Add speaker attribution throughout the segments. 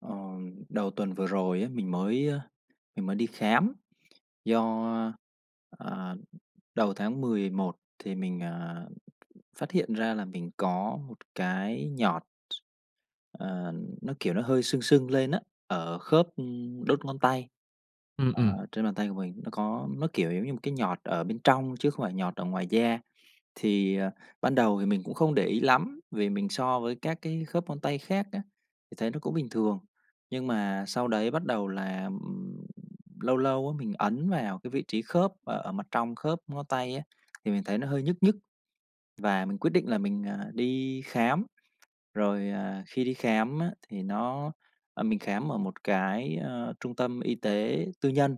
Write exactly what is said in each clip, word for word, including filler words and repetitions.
Speaker 1: Ờ, đầu tuần vừa rồi á, mình mới mình mới đi khám do, ờ, đầu tháng mười một thì mình, à, phát hiện ra là mình có một cái nhọt. Ờ, nó, kiểu, nó hơi sưng sưng lên á ở khớp, ừm, đốt ngón tay,
Speaker 2: Ừm, ừm.
Speaker 1: ờ, trên bàn tay của mình nó có, nó, kiểu, giống như một cái nhọt ở bên trong chứ không phải nhọt ở ngoài da. Thì, ờ, ban đầu thì mình cũng không để ý lắm, vì mình so với các cái khớp ngón tay khác á thì thấy nó cũng bình thường, nhưng mà sau đấy bắt đầu là, ừm, lâu lâu á mình ấn vào cái vị trí khớp ở mặt trong khớp ngón tay á, thì mình thấy nó hơi nhức nhức và mình quyết định là mình, à, đi khám. Rồi, à, khi đi khám á thì nó, ờ, mình khám ở một cái, ờ, trung tâm y tế tư nhân.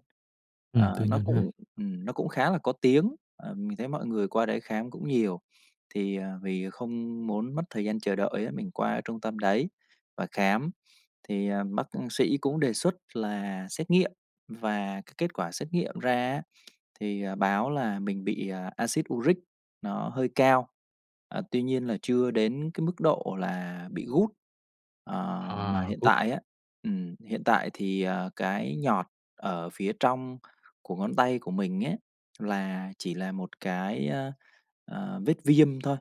Speaker 2: Ừm, tư
Speaker 1: Ờ, nó
Speaker 2: nhân ha?
Speaker 1: cũng, ừm, nó cũng khá là có tiếng, ờ, mình thấy mọi người qua đấy khám cũng nhiều. Thì, à, vì không muốn mất thời gian chờ đợi á, mình qua trung tâm đấy và khám thì, à, bác cũng sĩ cũng đề xuất là xét nghiệm và cái kết quả xét nghiệm ra á, thì, à, báo là mình bị Axid uric nó hơi cao, ờ, tuy nhiên là chưa đến cái mức độ là bị gút. Ờ, mà
Speaker 2: À,
Speaker 1: hiện
Speaker 2: gút.
Speaker 1: tại á, ừm, hiện tại thì, ờ, cái nhọt ở phía trong của ngón tay của mình ấy, là chỉ là một cái, ờ, vết viêm thôi,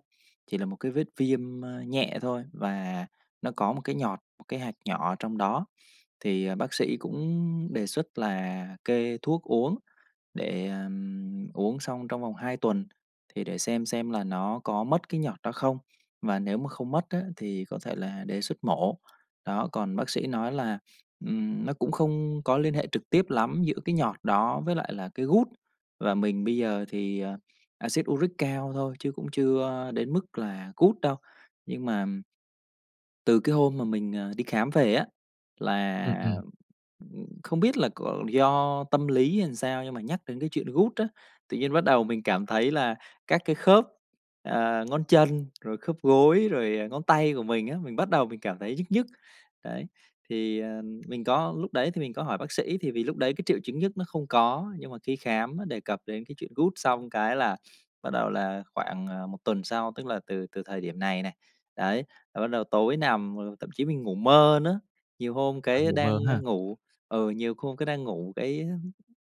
Speaker 1: chỉ là một cái vết viêm, ờ, nhẹ thôi, và nó có một cái nhọt, một cái hạt nhỏ ở trong đó. Thì, ờ, bác sĩ cũng đề xuất là kê thuốc uống để, ờm, uống xong trong vòng hai tuần, thì để xem xem là nó có mất cái nhọt đó không, mà nếu mà không mất á thì có thể là để xuất mổ. Đó, còn bác sĩ nói là, ừm, nó cũng không có liên hệ trực tiếp lắm giữa cái nhọt đó với lại là cái gút và mình bây giờ thì, ờ, Axit uric cao thôi chứ cũng chưa đến mức là gút đâu. Nhưng mà từ cái hôm mà mình, ờ, đi khám về á,
Speaker 2: Ừm,
Speaker 1: là,
Speaker 2: ừm.
Speaker 1: ừm, không biết là có do tâm lý hay làm sao nhưng mà nhắc đến cái chuyện gút á, tự nhiên bắt đầu mình cảm thấy là các cái khớp, à, ngón chân, rồi khớp gối, rồi, à, ngón tay của mình á, mình bắt đầu mình cảm thấy nhức nhức. Đấy, thì, à, mình có lúc đấy thì mình có hỏi bác sĩ thì vì lúc đấy cái triệu chứng nhức nó không có, nhưng mà khi khám nó đề cập đến cái chuyện gút xong cái là bắt đầu là khoảng, à, một tuần sau, tức là từ từ thời điểm này này, đấy, là bắt đầu tối nằm mà thậm chí mình ngủ mơ nữa. Nhiều hôm
Speaker 2: Bạn
Speaker 1: cái
Speaker 2: ngủ
Speaker 1: đang,
Speaker 2: mơ
Speaker 1: a,
Speaker 2: ha!
Speaker 1: ngủ, ừ, nhiều hôm cái đang ngủ cái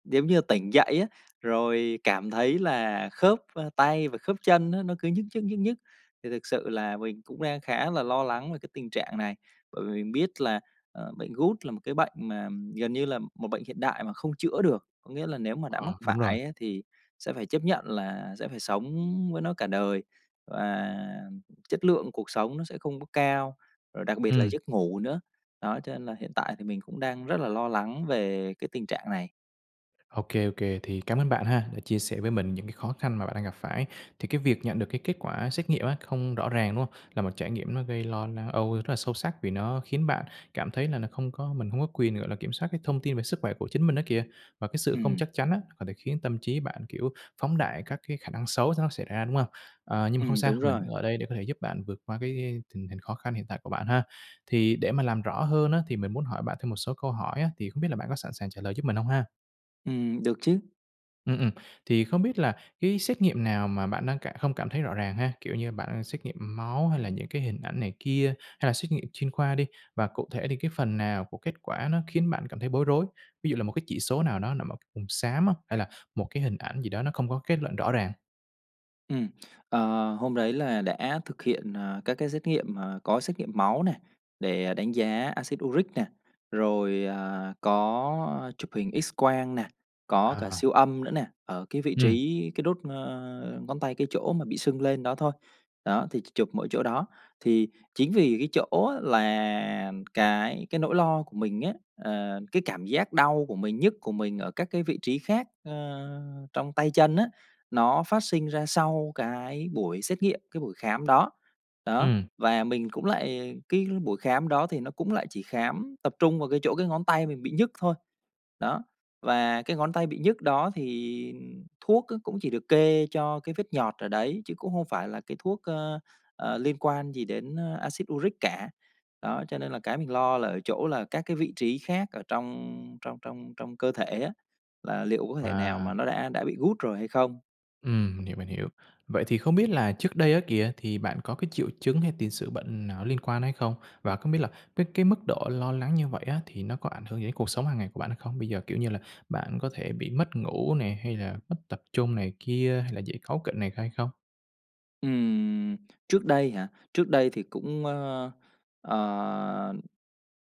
Speaker 1: giống như là tỉnh dậy á, rồi cảm thấy là khớp, ơ, tay và khớp chân á nó cứ nhức nhức, nhức nhức, thì thực sự là mình cũng đang khá là lo lắng về cái tình trạng này. Bởi vì mình biết là, ờ, bệnh gút là một cái bệnh mà gần như là một bệnh hiện đại mà không chữa được, có nghĩa là nếu mà đã
Speaker 2: À,
Speaker 1: mắc
Speaker 2: đúng rồi.
Speaker 1: phải á thì sẽ phải chấp nhận là sẽ phải sống với nó cả đời và chất lượng cuộc sống nó sẽ không có cao, rồi đặc biệt là
Speaker 2: Ừm.
Speaker 1: giấc ngủ nữa. Đó cho nên là hiện tại thì mình cũng đang rất là lo lắng về cái tình trạng này.
Speaker 2: Ô kê, ô kê, thì cảm ơn bạn ha, đã chia sẻ với mình những cái khó khăn mà bạn đang gặp phải. Thì cái việc nhận được cái kết quả xét nghiệm á không rõ ràng, đúng hông? Là một trải nghiệm nó gây lo na âu rất là sâu sắc vì nó khiến bạn cảm thấy là nó không có mình hông có quyền, gọi là, kiểm soát cái thông tin về sức khỏe của chính mình đó kìa. Và cái sự
Speaker 1: Ừ.
Speaker 2: không chắc chắn á, có thể khiến tâm trí bạn, kiểu, phóng đại các cái khả năng xấu nó xảy ra, đúng hông? Ờ, nhưng mà
Speaker 1: Ừ,
Speaker 2: không sao,
Speaker 1: đúng
Speaker 2: mình
Speaker 1: rồi.
Speaker 2: ở đây để có thể giúp bạn vượt qua cái tình hình khó khăn hiện tại của bạn ha. Thì để mà làm rõ hơn á thì mình muốn hỏi bạn thêm một số câu hỏi á, thì không biết là bạn có sẵn sàng trả lời giúp mình hông ha?
Speaker 1: Ừm, được chứ.
Speaker 2: Ừm, ừm. Thì không biết là cái xét nghiệm nào mà bạn đang cả hông cảm thấy rõ ràng ha? Kiểu như, bạn đang xét nghiệm máu hay là những cái hình ảnh này kia hay là xét nghiệm chuyên khoa đi, và cụ thể thì cái phần nào của kết quả nó khiến bạn cảm thấy bối rối? Ví dụ là một cái chỉ số nào đó nằm ở vùng xám á, hay là một cái hình ảnh gì đó nó không có kết luận rõ ràng?
Speaker 1: Ừm. Ờ, hôm đấy là đã thực hiện, à, các cái xét nghiệm, à, có xét nghiệm máu nè, để đánh giá acid uric nè, rồi, à, có chụp hình X-quang nè, có cả
Speaker 2: À.
Speaker 1: siêu âm nữa nè, ở cái vị
Speaker 2: Ừm.
Speaker 1: trí cái đốt, a, ngón tay, cái chỗ mà bị sưng lên đó thôi. Đó, thì chỉ chụp mỗi chỗ đó. Thì chính vì cái chỗ á là cái cái nỗi lo của mình á, ờ, cái cảm giác đau của mình, nhức của mình ở các cái vị trí khác, a, trong tay chân á, nó phát sinh ra sau cái buổi xét nghiệm, cái buổi khám đó, đó.
Speaker 2: Ừm.
Speaker 1: Và mình cũng lại cái buổi khám đó thì nó cũng lại chỉ khám tập trung vào cái chỗ cái ngón tay mình bị nhức thôi. Đó, và cái ngón tay bị nhức đó thì thuốc á cũng chỉ được kê cho cái vết nhọt ở đấy, chứ cũng hông phải là cái thuốc, a, à, liên quan gì đến acid uric cả. Đó, cho nên là cái mình lo là ở chỗ là các cái vị trí khác ở trong trong trong trong cơ thể á, là liệu có thể nào mà
Speaker 2: À.
Speaker 1: nó đã đã bị gút rồi hay không?
Speaker 2: Ừm, mình hiểu, mình hiểu. Vậy thì không biết là trước đây á kìa thì bạn có cái triệu chứng hay tiền sử bệnh nào nó liên quan hay không? Và không biết là với cái mức độ lo lắng như vậy á thì nó có ảnh hưởng gì đến cuộc sống hằng ngày của bạn hay không? Bây giờ, kiểu như là, bạn có thể bị mất ngủ nè, hay là mất tập trung này kia hay là dễ cáu kỉnh này hay không?
Speaker 1: Ừm, trước đây hả? Trước đây thì cũng, ơ, ờ,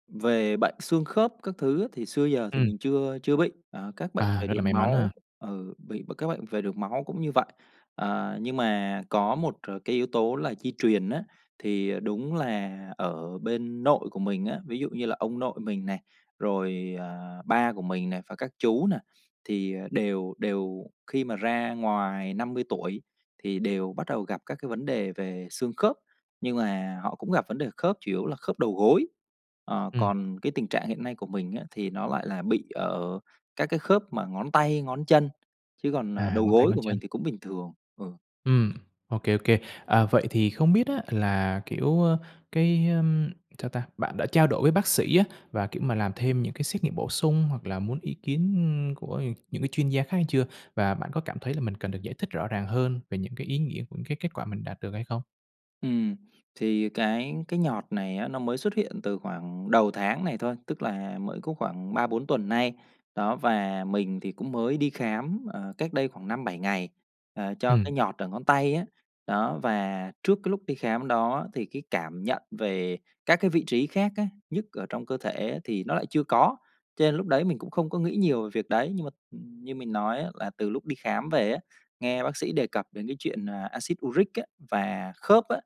Speaker 1: về bệnh xương khớp các thứ á, thì xưa giờ thì
Speaker 2: Ừm.
Speaker 1: mình chưa chưa bị, ờ, các bệnh
Speaker 2: À,
Speaker 1: về
Speaker 2: rất là
Speaker 1: đường
Speaker 2: may mắn ha.
Speaker 1: máu ừ, bị b các bệnh về đường máu cũng như vậy. À, nhưng mà có một c cái yếu tố là di truyền á, thì, ờ, đúng là ở bên nội của mình á, ví dụ như là ông nội mình này, rồi, ờ, ba của mình này, và các chú này thì, ờ, đều đều khi mà ra ngoài năm mươi tuổi, thì đều bắt đầu gặp các cái vấn đề về xương khớp, nhưng mà họ cũng gặp vấn đề khớp, chủ yếu là khớp đầu gối. Ờ,
Speaker 2: Ừm.
Speaker 1: còn cái tình trạng hiện nay của mình á thì nó lại là bị ở các cái khớp mà ngón tay, ngón chân, chứ còn, ờ,
Speaker 2: À,
Speaker 1: đầu
Speaker 2: ngón tay,
Speaker 1: gối
Speaker 2: ngón
Speaker 1: của mình
Speaker 2: chân.
Speaker 1: thì cũng bình thường, ừ.
Speaker 2: Ừm, ô kê, ô kê. À, vậy thì không biết á là, kiểu, ơ, cái, ưm sao ta? Bạn đã trao đổi với bác sĩ á, và, kiểu mà, làm thêm những cái xét nghiệm bổ sung hoặc là muốn ý kiến của, ờ, những cái chuyên gia khác chưa? Và bạn có cảm thấy là mình cần được giải thích rõ ràng hơn về những cái ý nghĩa của cái kết quả mình đạt được hay không?
Speaker 1: Ừm, thì cái cái nhọt này á nó mới xuất hiện từ khoảng đầu tháng này thôi, tức là mới có khoảng ba bốn tuần nay, đó. Và mình thì cũng mới đi khám, ờ, cách đây khoảng năm bảy ngày, ờ, cho
Speaker 2: Ừm.
Speaker 1: cái nhọt ở ngón tay á. Đó, và trước cái lúc đi khám đó thì cái cảm nhận về các cái vị trí khác á, nhức ở trong cơ thể thì nó lại chưa có, cho nên lúc đấy mình cũng không có nghĩ nhiều về việc đấy. Nhưng mà, ừm, như mình nói á là từ lúc đi khám về á, nghe bác sĩ đề cập đến cái chuyện, à, acid uric á và khớp á,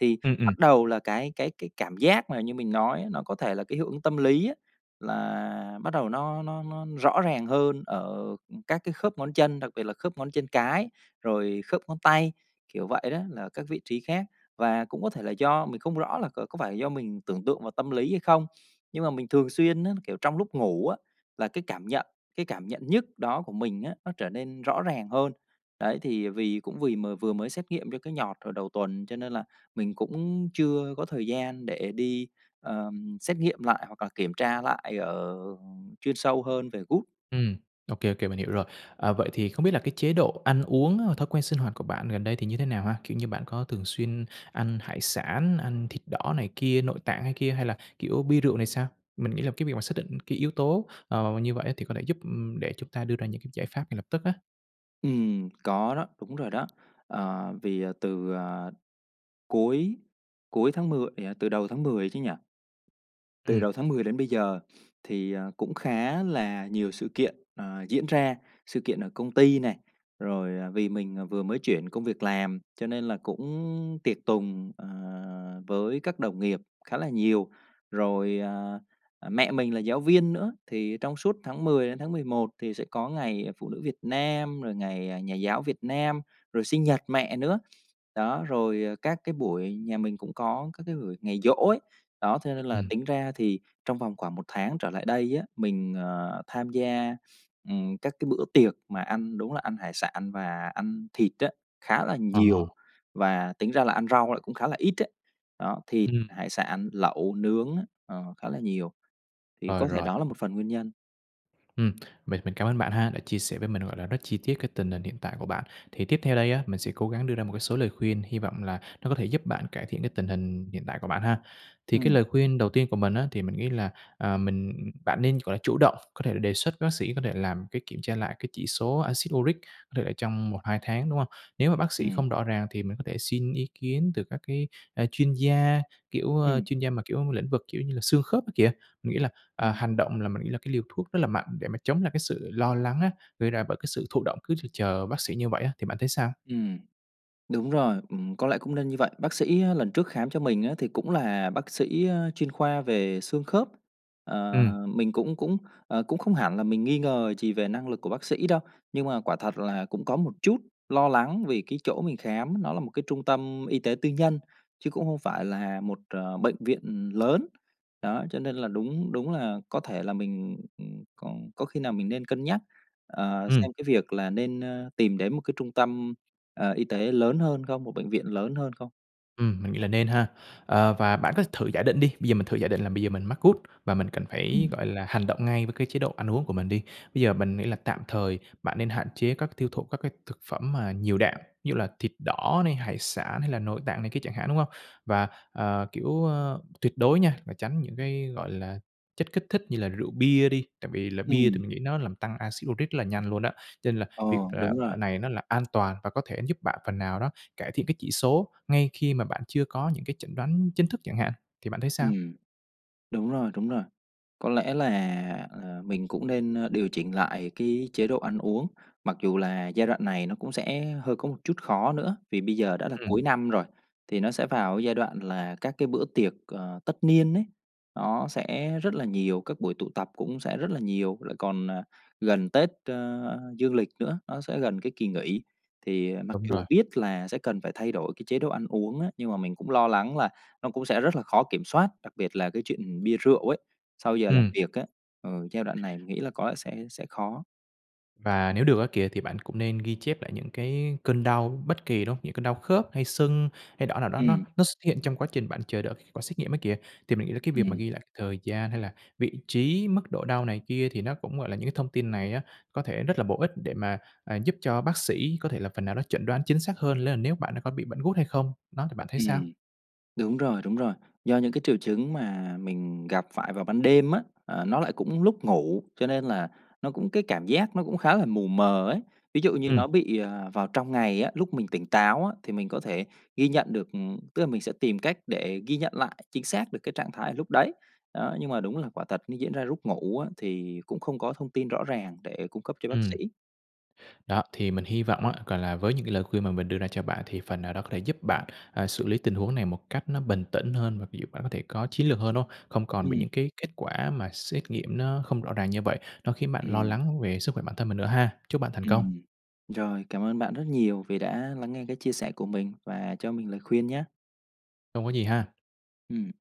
Speaker 1: thì
Speaker 2: Ừm, ừm.
Speaker 1: bắt đầu là cái cái cái cảm giác mà như mình nói, nó có thể là cái hiệu ứng tâm lý á, là bắt đầu nó nó nó rõ ràng hơn ở các cái khớp ngón chân, đặc biệt là khớp ngón chân cái, rồi khớp ngón tay, kiểu vậy đó, là các vị trí khác. Và cũng có thể là do mình không rõ là c có phải là do mình tưởng tượng và tâm lý hay không, nhưng mà mình thường xuyên á, kiểu, trong lúc ngủ á, là cái cảm nhận cái cảm nhận nhức đó của mình á, nó trở nên rõ ràng hơn. Đấy, thì vì cũng vì m vừa mới xét nghiệm cho cái nhọt hồi đầu tuần cho nên là mình cũng chưa có thời gian để đi, ờ, xét nghiệm lại hoặc là kiểm tra lại ở, ừm chuyên sâu hơn về gout.
Speaker 2: Ừm, ô kê, ô kê, mình hiểu rồi. À, vậy thì không biết là cái chế độ ăn uống hồi thói quen sinh hoạt của bạn gần đây thì như thế nào ha? Kiểu như, bạn có thường xuyên ăn hải sản, ăn thịt đỏ này kia, nội tạng hay kia hay là, kiểu, bia rượu này sao? Mình nghĩ là cái việc mà xác định cái yếu tố, ờ, mà như vậy thì có thể giúp, ừm, để chúng ta đưa ra những cái giải pháp ngay lập tức á.
Speaker 1: Ừm, có đó, đúng rồi đó. Ờ, vì từ, à, cuối cuối tháng mười, ờ, từ đầu tháng mười chứ nhỉ? Từ
Speaker 2: Ừm.
Speaker 1: đầu tháng mười đến bây giờ thì, ờ, cũng khá là nhiều sự kiện, ờ, diễn ra, sự kiện ở công ty này, rồi, à, vì mình vừa mới chuyển công việc làm, cho nên là cũng tiệc tùng, ờ, với các đồng nghiệp khá là nhiều. Rồi, à, mẹ mình là giáo viên nữa thì trong suốt tháng mười đến tháng mười một thì sẽ có ngày phụ nữ Việt Nam, rồi ngày, à, nhà giáo Việt Nam, rồi sinh nhật mẹ nữa. Đó, rồi, à, các cái buổi nhà mình cũng có các cái buổi ngày giỗ ấy, đó, cho nên là
Speaker 2: Ừm.
Speaker 1: tính ra thì trong vòng khoảng một tháng trở lại đây á, mình, ờ, tham gia, ừm, các cái bữa tiệc mà ăn đúng là ăn hải sản và ăn thịt á, khá là
Speaker 2: Ờ hờ.
Speaker 1: nhiều, và tính ra là ăn rau lại cũng khá là ít đó. Đó, thịt,
Speaker 2: Ừm.
Speaker 1: hải sản, lẩu, nướng á, ờ, khá là nhiều, thì
Speaker 2: Rồi,
Speaker 1: có thể
Speaker 2: rôi.
Speaker 1: đó là một phần nguyên nhân.
Speaker 2: Ừm, mình mình cảm ơn bạn ha đã chia sẻ với mình, gọi là, rất chi tiết cái tình hình hiện tại của bạn, thì tiếp theo đây á, mình sẽ cố gắng đưa ra một cái số lời khuyên, hi vọng là nó có thể giúp bạn cải thiện cái tình hình hiện tại của bạn ha. Thì cái
Speaker 1: Ừm.
Speaker 2: lời khuyên đầu tiên của mình á, thì mình nghĩ là, à, mình bạn nên, gọi là, chủ động, có thể là, đề xuất với bác sĩ, có thể làm cái kiểm tra lại cái chỉ số axit uric, có thể là trong một hai tháng, đúng hông? Nếu mà bác sĩ
Speaker 1: Ừm.
Speaker 2: không rõ ràng thì mình có thể xin ý kiến từ các cái, a, chuyên gia, kiểu, a,
Speaker 1: Ừm.
Speaker 2: chuyên gia mà, kiểu, lĩnh vực, kiểu như là, xương khớp kia kìa. Mình nghĩ là, à,
Speaker 1: Ừm.
Speaker 2: hành động là mình nghĩ là cái liều thuốc rất là mạnh để mà chống lại cái sự lo lắng á, gây ra bởi cái sự thụ động, cứ chực chờ v bác sĩ như vậy á, thì bạn thấy sao?
Speaker 1: Ừm. Đúng rồi, ừm, có lẽ cũng nên như vậy. Bác sĩ á lần trước khám cho mình á thì cũng là bác sĩ, a, chuyên khoa về xương khớp. Ờ,
Speaker 2: Ừm.
Speaker 1: mình cũng cũng, ờ, cũng không hẳn là mình nghi ngờ gì về năng lực của bác sĩ đâu, nhưng mà quả thật là cũng có một chút lo lắng vì cái chỗ mình khám, nó là một cái trung tâm y tế tư nhân, chứ cũng không phải là một, à, bệnh viện lớn. Đó, cho nên là đúng đúng là có thể là mình, ừm, có có khi nào mình nên cân nhắc, à,
Speaker 2: Ừm.
Speaker 1: xem cái việc là nên, a, tìm đến một cái trung tâm, à, y tế lớn hơn không, một bệnh viện lớn hơn không?
Speaker 2: Ừm, mình nghĩ là nên ha. Ờ, và bạn có thử giả định đi, bây giờ mình thử giả định là bây giờ mình mắc gout và mình cần phải,
Speaker 1: Ừm.
Speaker 2: gọi là, hành động ngay với cái chế độ ăn uống của mình đi. Bây giờ mình nghĩ là tạm thời bạn nên hạn chế các tiêu thụ các cái thực phẩm mà nhiều đạm, ví dụ là thịt đỏ này, hải sản hay là nội tạng này kia chẳng hạn, đúng hông? Và, à, kiểu, a, tuyệt đối nha, là tránh những cái, gọi là, chất kích thích như là rượu bia đi, tại vì là bia thì
Speaker 1: Ừm.
Speaker 2: mình nghĩ nó làm tăng acid uric rất là nhanh luôn á, cho nên là
Speaker 1: Ờ,
Speaker 2: việc, à,
Speaker 1: đúng rồi.
Speaker 2: à, này nó là an toàn và có thể giúp bạn phần nào đó, cải thiện cái chỉ số ngay khi mà bạn chưa có những cái chẩn đoán chính thức chẳng hạn, thì bạn thấy sao?
Speaker 1: Ừm, đúng rồi, đúng rồi. Có lẽ là, à, mình cũng nên, a, điều chỉnh lại cái chế độ ăn uống, mặc dù là giai đoạn này nó cũng sẽ hơi có một chút khó nữa, vì bây giờ đã là
Speaker 2: Ừm.
Speaker 1: cuối năm rồi, thì nó sẽ vào cái giai đoạn là các cái bữa tiệc, ờ, tất niên ấy nó sẽ rất là nhiều, các buổi tụ tập cũng sẽ rất là nhiều, lại còn, à, gần Tết, ơ, dương lịch nữa, nó sẽ gần cái kỳ nghỉ. Thì, à, mặc
Speaker 2: Đúng rồi.
Speaker 1: dù biết là sẽ cần phải thay đổi cái chế độ ăn uống á, nhưng mà mình cũng lo lắng là nó cũng sẽ rất là khó kiểm soát, đặc biệt là cái chuyện bia rượu ấy, sau giờ làm
Speaker 2: Ừm.
Speaker 1: việc á, ờ, giai đoạn này mình nghĩ là có lẽ sẽ sẽ khó.
Speaker 2: Và nếu được á kìa, thì bạn cũng nên ghi chép lại những cái cơn đau bất kỳ, đúng hông? Những cơn đau khớp, hay sưng, hay đỏ nào đó nó
Speaker 1: Ừm.
Speaker 2: nó x hiện trong quá trình bạn chờ đợi kết quả xét nghiệm á kìa, thì mình nghĩ là cái việc mà
Speaker 1: Ừm.
Speaker 2: ghi lại thời gian hay là vị trí, mức độ đau này kia thì nó cũng, gọi là, những cái thông tin này á, có thể rất là bổ ích để mà, à, giúp cho bác sĩ có thể là phần nào nó chẩn đoán chính xác hơn, đó là nếu bạn đã có bị bệnh gút hay không. Đó, thì bạn thấy sao?
Speaker 1: Ừm. Đúng rồi, đúng rồi, do những cái triệu chứng mà mình gặp phải vào ban đêm á, à, nó lại cũng lúc ngủ, cho nên là nó cũng cái cảm giác nó cũng khá là mù mờ ấy. Ví dụ như
Speaker 2: Ừm.
Speaker 1: nó bị, à, vào trong ngày á, lúc mình tỉnh táo á, thì mình có thể ghi nhận được, ừm, tức là mình sẽ tìm cách để ghi nhận lại chính xác được cái trạng thái lúc đấy, đó, nhưng mà đúng là quả thật nó diễn ra lúc ngủ á, thì cũng không có thông tin rõ ràng để cung cấp cho bác
Speaker 2: Ừm.
Speaker 1: sĩ.
Speaker 2: Đó, thì mình hi vọng á, gọi là, với những cái lời khuyên mà mình đưa ra cho bạn thì phần nào đó có thể giúp bạn, à, xử lý tình huống này một cách nó bình tĩnh hơn, và ví dụ bạn có thể có chiến lược hơn, đúng hông? Không còn bị
Speaker 1: Ừm.
Speaker 2: những cái kết quả mà xét nghiệm nó không rõ ràng như vậy, nó khiến bạn lo
Speaker 1: Ừm.
Speaker 2: lắng về sức khỏe bản thân mình nữa ha. Chúc bạn thành công.
Speaker 1: Ừm. Rồi, cảm ơn bạn rất nhiều vì đã lắng nghe cái chia sẻ của mình và cho mình lời khuyên nhá.
Speaker 2: Không có gì ha.
Speaker 1: Ừm.